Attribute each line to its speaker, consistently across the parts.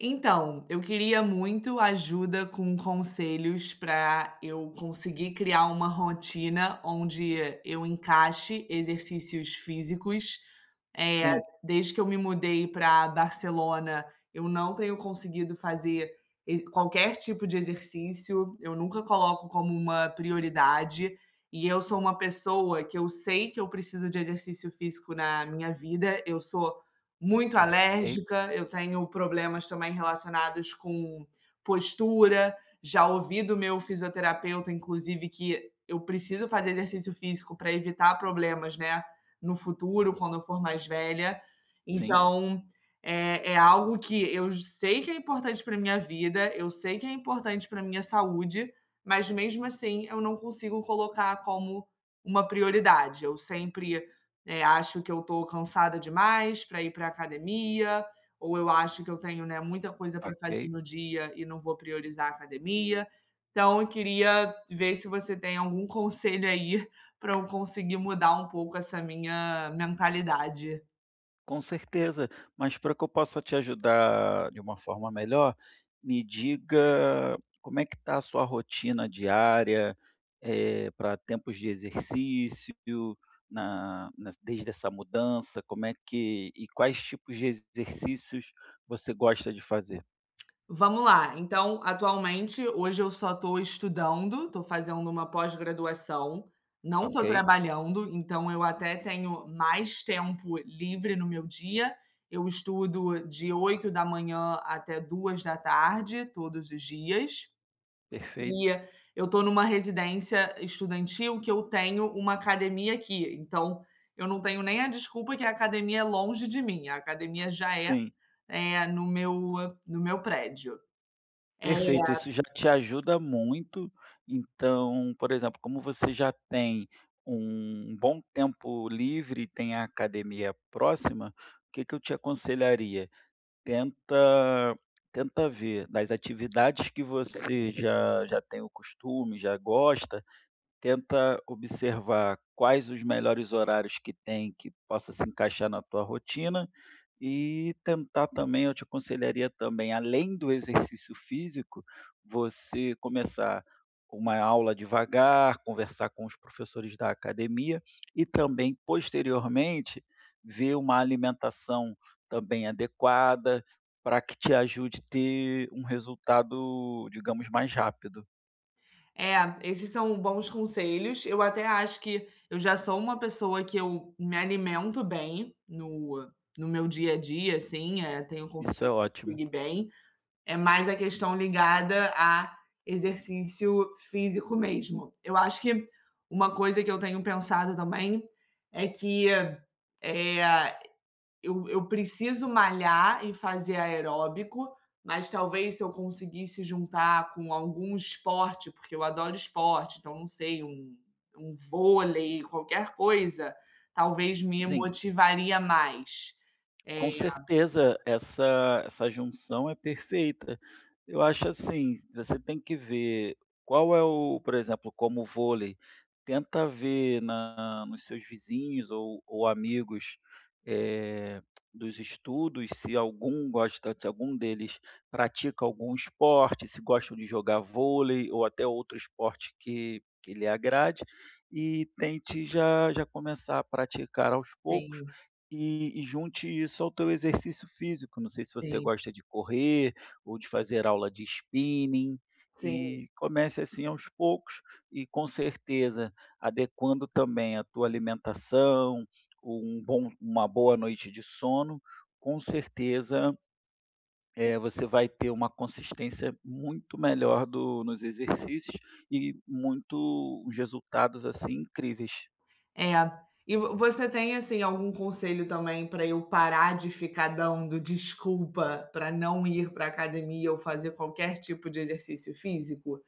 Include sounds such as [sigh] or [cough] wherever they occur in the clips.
Speaker 1: Então, eu queria muito ajuda com conselhos para eu conseguir criar uma rotina onde eu encaixe exercícios físicos. Eh,
Speaker 2: Sim.
Speaker 1: desde que eu me mudei para Barcelona, eu não tenho conseguido fazer ex qualquer tipo de exercício. Eu nunca coloco como uma prioridade, e eu sou uma pessoa que eu sei que eu preciso de exercício físico na minha vida, eu sou muito
Speaker 2: Ok.
Speaker 1: alérgica, eu tenho problemas também relacionados com postura. Já ouvi do meu fisioterapeuta inclusive que eu preciso fazer exercício físico para evitar problemas, né, no futuro quando eu for mais velha,
Speaker 2: Sim.
Speaker 1: então é é algo que eu sei que é importante para minha vida, eu sei que é importante para minha saúde, mas mesmo assim eu não consigo colocar como uma prioridade. Eu sempre, eh, acho que eu estou cansada demais para ir para academia, ou eu acho que eu tenho, né, muita coisa para fazer
Speaker 2: Ok.
Speaker 1: no dia e não vou priorizar a academia. Então eu queria ver se você tem algum conselho aí para eu conseguir mudar um pouco essa minha mentalidade.
Speaker 2: Com certeza, mas para que eu possa te ajudar de uma forma melhor, me diga como é que está a sua rotina diária, eh, para tempos de exercício, na na desde essa mudança, como é que e quais tipos de exercícios você gosta de fazer?
Speaker 1: Vamos lá, então atualmente hoje eu só estou estudando, estou fazendo uma pós-graduação, não estou
Speaker 2: Ok.
Speaker 1: trabalhando então eu até tenho mais tempo livre no meu dia. Eu estudo de 8h até 14h todos os dias.
Speaker 2: Perfeito.
Speaker 1: E eu estou em uma residência estudantil que eu tenho uma academia aqui. Então eu não tenho nem a desculpa que a academia é longe de mim, a academia já é,
Speaker 2: Sim.
Speaker 1: eh, no meu no meu prédio. É
Speaker 2: Perfeito, isso já te ajuda muito. Então por exemplo como você já tem um bom tempo livre e tem a academia próxima, o que que eu te aconselharia, tenta tenta ver das atividades que você já já tem o costume, já gosta, tenta observar quais os melhores horários que tem que possa se encaixar na tua rotina, e tentar também, eu te aconselharia também além do exercício físico, você começar uma aula devagar, conversar com os professores da academia, e também posteriormente ver uma alimentação também adequada para que te ajude ter um resultado, digamos, mais rápido.
Speaker 1: É, esses são bons conselhos. Eu até acho que eu já sou uma pessoa que eu me alimento bem, no no meu dia a dia assim, eh, tenho
Speaker 2: Isso
Speaker 1: conseguido
Speaker 2: é ótimo!
Speaker 1: dormir bem, é mais a questão ligada a exercício físico, mesmo. Eu acho que uma coisa que eu tenho pensado também é que, eh, eu eu preciso malhar e fazer aeróbico, mas talvez se eu conseguisse juntar com algum esporte, porque eu adoro esporte. Então não sei, um um vôlei, qualquer coisa, talvez me
Speaker 2: Sim.
Speaker 1: motivaria mais. É
Speaker 2: Com certeza essa essa junção é perfeita. Eu acho assim, você tem que ver qual é o por exemplo: como vôlei, tenta ver na nos seus vizinhos ou ou amigos, eh, [clicks tongue] dos estudos, se algum gosta se algum deles pratica algum esporte, se gostam de jogar vôlei, ou até outro esporte que que lhe agrade, e tente já já começar a praticar aos poucos,
Speaker 1: Tenho.
Speaker 2: e e junte isso ao teu exercício físico. Não sei se você
Speaker 1: Sim.
Speaker 2: gosta de correr ou de fazer aula de spinning,
Speaker 1: Sim.
Speaker 2: e comece assim aos poucos, e com certeza, adequando também a tua alimentação, um bom uma boa noite de sono, com certeza, eh, você vai ter uma consistência muito melhor do nos exercícios e muito os resultados assim, incríveis.
Speaker 1: É, e v você tem, assim, algum conselho também para eu parar de ficar dando desculpa para não ir pra academia, ou fazer qualquer tipo de exercício físico?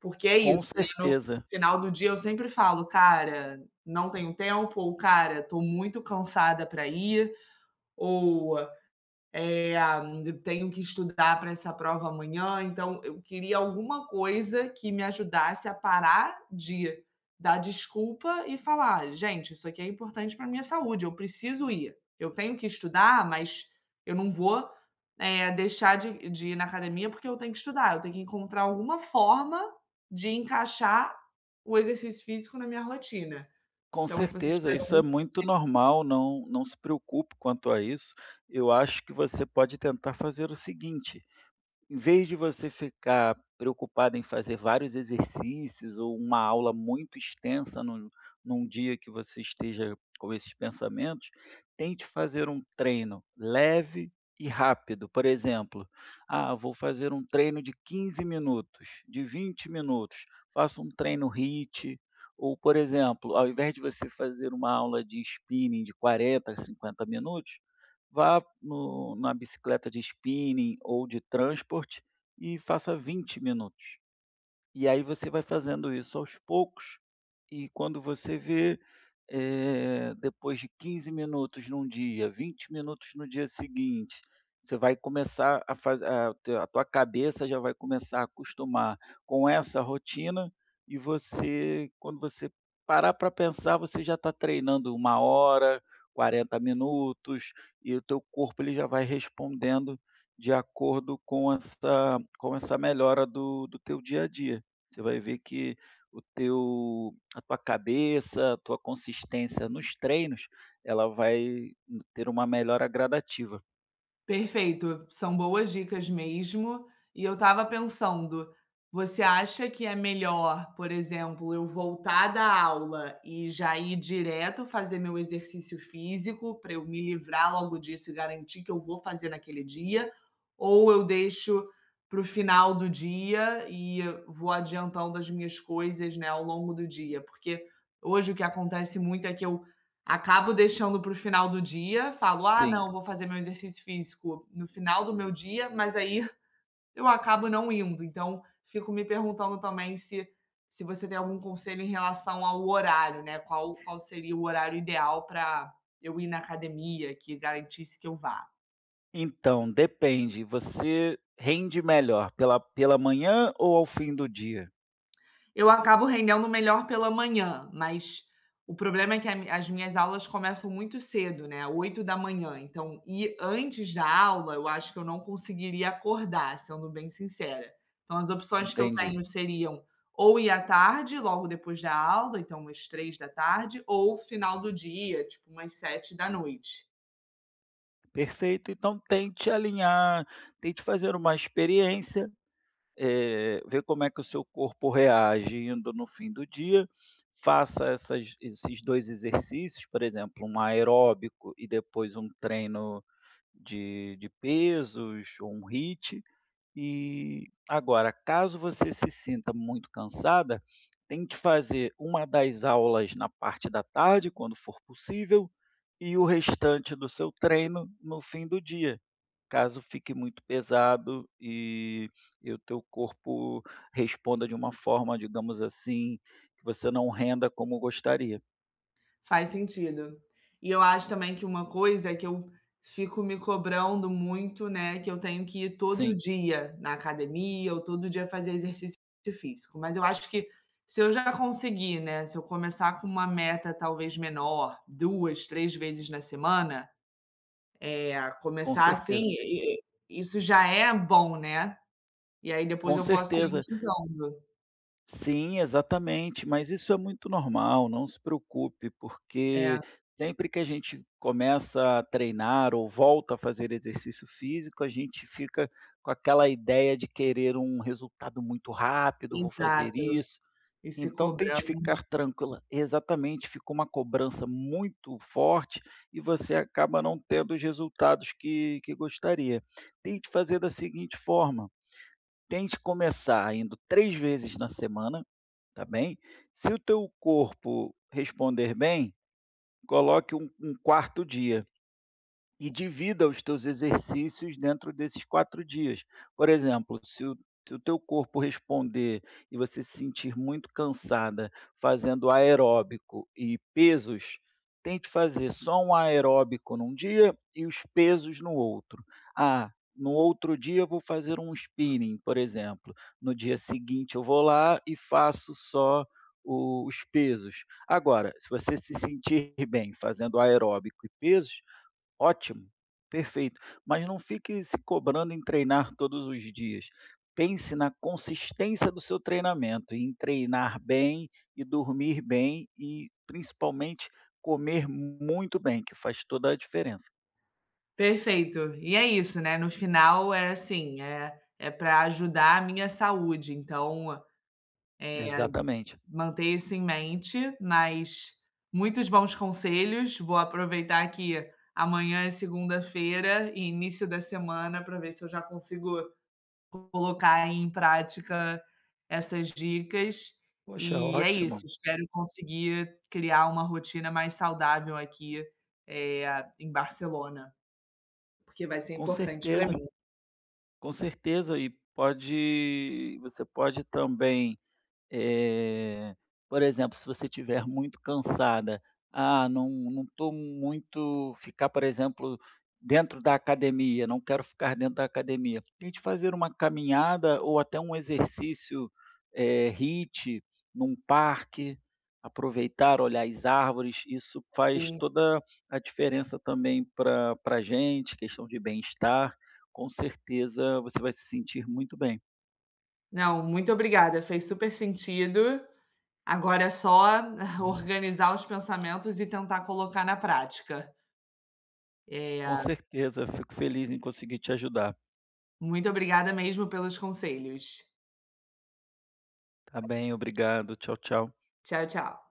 Speaker 1: Porque é
Speaker 2: Com
Speaker 1: isso, mesmo no
Speaker 2: certeza!
Speaker 1: final do dia, sempre falo: "Cara, não tenho tempo, ou cara, estou muito cansada para ir, ou, eh, tenho que estudar para essa prova amanhã". Então, eu queria alguma coisa que me ajudasse a parar de dar desculpa e falar: "Gente, isso aqui é importante para minha saúde. Eu preciso ir, eu tenho que estudar, mas eu não vou deixar de de ir na academia porque eu tenho que estudar, eu tenho que encontrar alguma forma de encaixar o exercício físico na minha rotina".
Speaker 2: Com
Speaker 1: Então, se você
Speaker 2: certeza!
Speaker 1: tiver
Speaker 2: Isso
Speaker 1: algum
Speaker 2: é muito
Speaker 1: conselho
Speaker 2: normal, não não se preocupe quanto a isso. Eu acho que você pode tentar fazer o seguinte: em vez de você ficar preocupada em fazer vários exercícios ou uma aula muito extensa no num dia que você esteja com esses pensamentos, tente fazer um treino leve e rápido. Por exemplo: ah, vou fazer um treino de 15 minutos, de 20 minutos, faço um treino HIT. Ou, por exemplo, ao invés de você fazer uma aula de spinning de 40 a 50 minutos, vá no na bicicleta de spinning, ou de transport e faça 20 minutos. E aí, você vai fazendo isso aos poucos, e quando você vê, eh, depois de 15 minutos num dia, 20 minutos no dia seguinte, você vai começar a fazer a a tua cabeça já vai começar a acostumar com essa rotina, e você quando você parar para pensar, você já está treinando 1 hora, 40 minutos, e o teu corpo ele já vai respondendo de acordo com esta, com essa melhora do do teu dia a dia. Você vai ver que o teu a tua cabeça, a tua consistência nos treinos, ela vai ter uma melhora gradativa.
Speaker 1: Perfeito, são boas dicas mesmo. E eu estava pensando, você acha que é melhor, por exemplo, eu voltar da aula e já ir direto fazer meu exercício físico, pra eu me livrar logo disso e garantir que eu vou fazer naquele dia? Ou eu deixo para o final do dia e vou adiantando as minhas coisas, né, ao longo do dia? Porque hoje o que acontece muito, é que eu acabo deixando para o final do dia, falo, "Ah
Speaker 2: Sim.
Speaker 1: não, vou fazer meu exercício físico no final do meu dia", mas aí eu acabo não indo. Então fico me perguntando também se se você tem algum conselho em relação ao horário, né, qual qual seria o horário ideal pra eu ir na academia que garantisse que eu vá.
Speaker 2: Então depende, você rende melhor pela pela manhã ou ao fim do dia?
Speaker 1: Eu acabo rendendo melhor pela manhã, mas o problema é que a m a as minhas aulas começam muito cedo, né, 8h, então ir antes da aula eu acho que não conseguiria acordar, sendo bem sincera. Então as opções que eu tenho
Speaker 2: Entendi.
Speaker 1: seriam ou ir à tarde logo depois da aula, então às 15h ou final do dia tipo umas 19h.
Speaker 2: Perfeito, então tente alinhar, tente fazer uma experiência, eh, ver como é que o seu corpo reage indo no fim do dia, faça essas esses 2 exercícios. Por exemplo, um aeróbico e depois um treino de de pesos ou um HIIT e agora, caso você se sinta muito cansada, tem que fazer uma das aulas na parte da tarde, quando for possível, e o restante do seu treino no fim do dia, caso fique muito pesado e e o teu corpo responda de uma forma, digamos assim, que você não renda como gostaria.
Speaker 1: Faz sentido. E e eu acho também que uma coisa, é que eu fico me cobrando muito, né, que eu tenho que ir todo
Speaker 2: Sim.
Speaker 1: dia na academia ou todo dia fazer exercício físico. Mas eu acho que se eu já conseguir, né, se eu começar com uma meta talvez menor, 2, 3 vezes na semana, eh, a
Speaker 2: Com
Speaker 1: começar assim,
Speaker 2: certeza.
Speaker 1: i i i isso já é bom, né. E aí depois
Speaker 2: Com
Speaker 1: eu posso ir
Speaker 2: certeza.
Speaker 1: aumentando.
Speaker 2: Sim, exatamente! Mas isso é muito normal, não se preocupe, porque
Speaker 1: É.
Speaker 2: sempre que a gente começa a treinar ou volta a fazer exercício físico. A gente fica com aquela ideia de querer um resultado muito rápido, vou fazer
Speaker 1: Exato,
Speaker 2: isso.
Speaker 1: ir se
Speaker 2: Então, tente
Speaker 1: cobrando.
Speaker 2: ficar tranquila exatamente. Fica uma cobrança muito forte e você acaba não tendo os resultados que que gostaria. Tente fazer da seguinte forma: tente começar indo 3 vezes na semana, tá bem. Se o teu corpo responder bem, coloque um um 4º dia e divida os teus exercícios dentro desses 4 dias. Por exemplo, se o teu corpo responder e você se sentir muito cansada fazendo aeróbico e pesos, tente fazer só um aeróbico num dia, e os pesos no outro. "Ah, no outro dia eu vou fazer um spinning", por exemplo, no dia seguinte eu vou lá e faço só o os pesos. Agora, se você se sentir bem fazendo aeróbico e pesos, ótimo, perfeito! Mas não fique se cobrando em treinar todos os dias, pense na consistência do seu treinamento, em treinar bem e dormir bem. E, principalmente, comer muito bem, que faz toda a diferença.
Speaker 1: Perfeito! E, é isso, né, no final, é, assim, eh é pra ajudar a minha saúde. Então, eh, aí
Speaker 2: Exatamente.
Speaker 1: manter isso em mente, mas muitos bons conselhos, vou aproveitar, que amanhã é segunda-feira e início da semana pra ver se eu já consigo co colocar em prática essas dicas,
Speaker 2: Poxa,
Speaker 1: eh, é isso,
Speaker 2: ótimo.
Speaker 1: espero conseguir criar uma rotina mais saudável aqui, eh, em Barcelona. Porque vai ser
Speaker 2: Com
Speaker 1: importante pra
Speaker 2: certeza.
Speaker 1: mim.
Speaker 2: Com certeza, e pode você pode também, eh, por exemplo, se você estiver muito cansada, ah, não não tô muito ficar, por exemplo, dentro da academia, não quero ficar dentro da academia, tente fazer uma caminhada ou até um exercício, eh, HIIT num parque. Aproveitar, olhar as árvores, isso faz
Speaker 1: Sim.
Speaker 2: toda a diferença também pra pra gente. Questão de bem-estar, com certeza você vai se sentir muito bem.
Speaker 1: Não. Muito obrigada, fez super sentido. Agora, é só
Speaker 2: Uhum.
Speaker 1: organizar [chuckles] os pensamentos e tentar colocar na prática. Eh,
Speaker 2: Com
Speaker 1: a
Speaker 2: certeza! Fico feliz em conseguir te ajudar.
Speaker 1: Muito obrigada mesmo pelos conselhos.
Speaker 2: Tá bem, obrigado. Tchau tchau.
Speaker 1: Tchau, tchau.